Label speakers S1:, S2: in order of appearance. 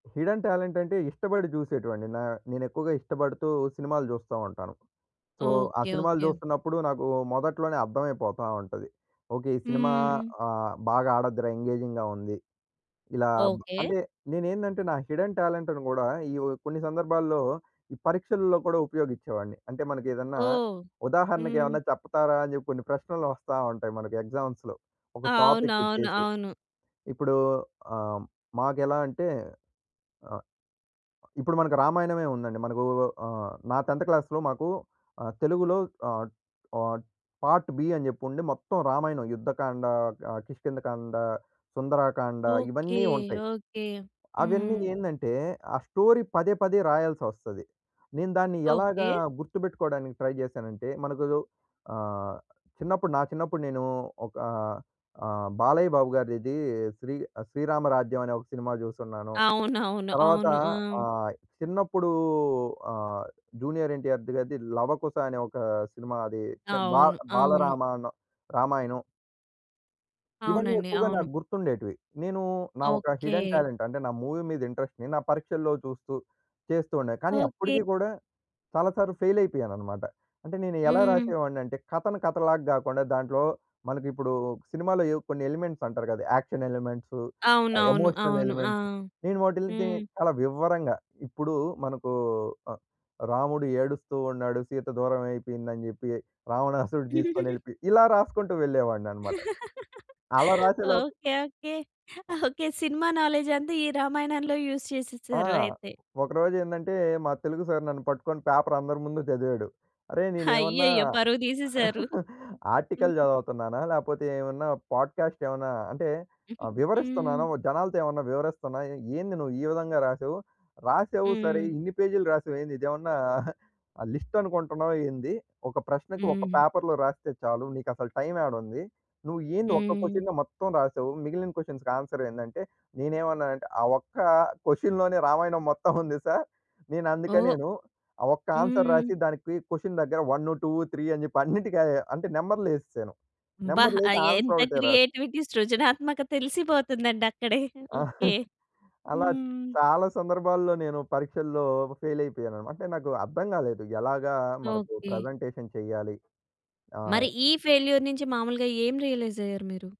S1: Hidden talent అంటే, ఇష్టపడి చూసేటివండి. నా నేను ఎక్కువగా ఇష్టపడుతూ సినిమాలు జూస్తా ఉంటాను. సో, ఆ
S2: ఓకే.
S1: సినిమాలు
S2: ఓకే.
S1: జూస్తున్నప్పుడు నాకు మొదట్లోనే అర్థమైపోతా ఉంటది. ఓకే. ఈ సినిమా
S2: హ్మ్.
S1: ఆహ్, బాగా ఆడ‌ద్ది‌ర ఎంగేజింగ్‌గా ఉంది. ఇలా
S2: ఓకే.
S1: అంటే, నేనేందంటే నా హిడెన్ టాలెంట్‌ని గూడా ఈ కొన్ని సందర్భాల్లో ఈ పరీక్షల్లో కూడా ఉపయోగిచ్చేవాడిని. అంటే మనకేదన్నా
S2: ఓహ్!
S1: ఉదాహరణకు
S2: హ్మ్.
S1: ఏమన్నా చెప్ప‌తార అని చెప్పి కొన్ని ప్రశ్నలు వస్తా ఉంటాయి మనకు ఎగ్జామ్స్‌లో ఒక టాపిక్
S2: అవునవును.
S1: ఇచ్చేసి.
S2: అవును.
S1: ఇప్పుడు ఆహ్, మాకెలా అంటే ఇప్పుడు మనకు రామాయణమే ఉందండి. మనకు ఆహ్, నా 10థ్ క్లాస్‌లో మాకు ఆహ్, తెలుగులో ఆహ్, ఆహ్, పార్ట్-బి అని చెప్పి ఉండి మొత్తం రామాయణం యుద్ధకాండ, ఆహ్, కిష్కింద కాండ, సుందరాకాండ
S2: ఓకే.
S1: ఇవన్నీ ఉంటాయి.
S2: ఓకే.
S1: అవన్నీ
S2: హ్మ్.
S1: ఏందంటే, ఆ స్టోరీ పదే పదే రాయాల్సి ఒస్తది. నేను దాన్ని ఎలాగా
S2: ఓకే.
S1: గుర్తుపెట్టుకోవడానికి ట్రై చేశానంటే మనకు ఆహ్, చిన్నప్పుడు నా చిన్నప్పుడు నేను ఒకా ఆహ్, బాలయ్య బాబు గారిది ఇది శ్రీ శ్రీ శ్రీరామరాజ్యం అనే ఒక సినిమా చూసున్నాను.
S2: అవునవును.
S1: తరువాత
S2: అవును. ఆ!
S1: ఆహ్, చిన్నప్పుడు ఆహ్, 'జూనియర్ ఎన్‌టిఆర్' గారిది 'లవకుశ' అనే ఒక సినిమా అది బా
S2: అవును. అవును.
S1: బాలరామాణం రామాయణం. ఇవన్నీ
S2: అవునండి.
S1: ఎక్కువగా
S2: అవును.
S1: నాకు గుర్తుండేటివి. నేను నా ఒక హిడెన్
S2: ఓకే.
S1: టాలెంట్ అంటే నా మూవీ మీద ఇంట్రెస్ట్‌ని నా పరీక్షల్లో చూస్తూ చేస్తూ ఉండేది. కానీ
S2: ఓకే.
S1: అప్పటికి కూడా చాలా సార్లు ఫెయిల్ అయిపోయానన్నమాట. అంటే నేను ఎలా
S2: హ్మ్.
S1: రాసేవాడినంటే కథను కథలాగా కాకుండా, దాంట్లో మనకి ఇప్పుడు సినిమాలో ఏవో కొన్ని ఎలిమెంట్స్ అంటారు గదా! యాక్షన్ ఎలిమెంట్స్,
S2: అవునవును.
S1: ఎమోషనల్
S2: అవును. ఆ!
S1: ఎలిమెంట్స్ నేను వాటిల్ని గురించి
S2: హ్మ్.
S1: చాలా వివరంగా ఇప్పుడు మనకు రాముడు ఏడుస్తూ ఉన్నాడు. సీత దూరం అయిపోయిందని చెప్పి రావణాసురుడు తీసుకొని వెళ్ళిపోయి. ఇలా రాసుకుంటూ వెళ్ళేవాడిని అన్నమాట. అలా రాసేలోపు
S2: okay. Okay. Okay. Cinema knowledge అంత ఈ రామాయణంలో యూస్
S1: ఆ!
S2: చేసేసారు అయితే.
S1: ఒకరోజు ఏందంటే, మా తెలుగు సార్ నన్ను పట్టుకొని పేపర్ అందరి ముందు చదివాడు. "అరేయ్! నేను ఏమన్నా
S2: హయ్యయ్యో! పరువు తీసేసారు!
S1: ఆర్టికల్
S2: హ్మ్.
S1: జదువుతున్నానా? లేకపోతే ఏమన్నా పాడ్‌కాస్ట్ ఏమన్నా అంటే ఆహ్,
S2: హ్మ్.
S1: వివరిస్తున్నానా ఒ జనాలతో ఏమన్నా వివరిస్తున్నానా ఏంది నువ్వు ఈ విధంగా రాసావు? రాసావు సరే!
S2: హ్మ్.
S1: ఇన్ని పేజీ‌లు రాసావేంది ఇదేమన్నా లిస్ట్ అనుకుంటున్నావా ఏంది. ఒక ప్రశ్నకు ఒక
S2: హ్మ్.
S1: పేపర్‌లో రాస్తే చాలు. నీకసలు టైమ్ యాడ ఉంది. నువ్వు ఏంది ఒక్క
S2: హ్మ్.
S1: క్వశన్‌నే మొత్తం రాసావు! మిగిలిన క్వశన్స్‌కి ఆన్సర్ ఏందంటే" నేనేమన్నానంటే ఆ ఒక్క క్వశన్‌లోనే రామాయణం మొత్తం ఉంది సార్. నేను అందుకే
S2: ఓహ్!
S1: నేను ఆ ఒక్క ఆన్సర్
S2: హ్మ్.
S1: రాసి దానికి క్వశన్ దగ్గర 1, 2, 3 అని చెప్పి అన్నిటికి అయే అంటే నంబర్లు యేసేశాను.
S2: అబ్బా! ఆ
S1: నంబర్లేసి ఆన్సర్
S2: ఎంత
S1: ఒకటే రాశ్
S2: క్రియేటివిటీ సృజనాత్మక తెలిసిపోతుందండి అక్కడే! ఓకే!
S1: అలా
S2: హ్మ్.
S1: చాలా సందర్భాల్లో నేను పరీక్షల్లో ఫెయిల్ అయిపోయానన్నమాట. అంటే నాకు అర్థం గాలేదు. ఎలాగా మనకు
S2: ఓకే.
S1: ప్రజెంటేషన్ చెయ్యాలి. ఆ!
S2: మరి ఈ ఫెయిల్యూర్ నుంచి మామూలుగా ఏం రియలైజ్ అయ్యారు మీరు?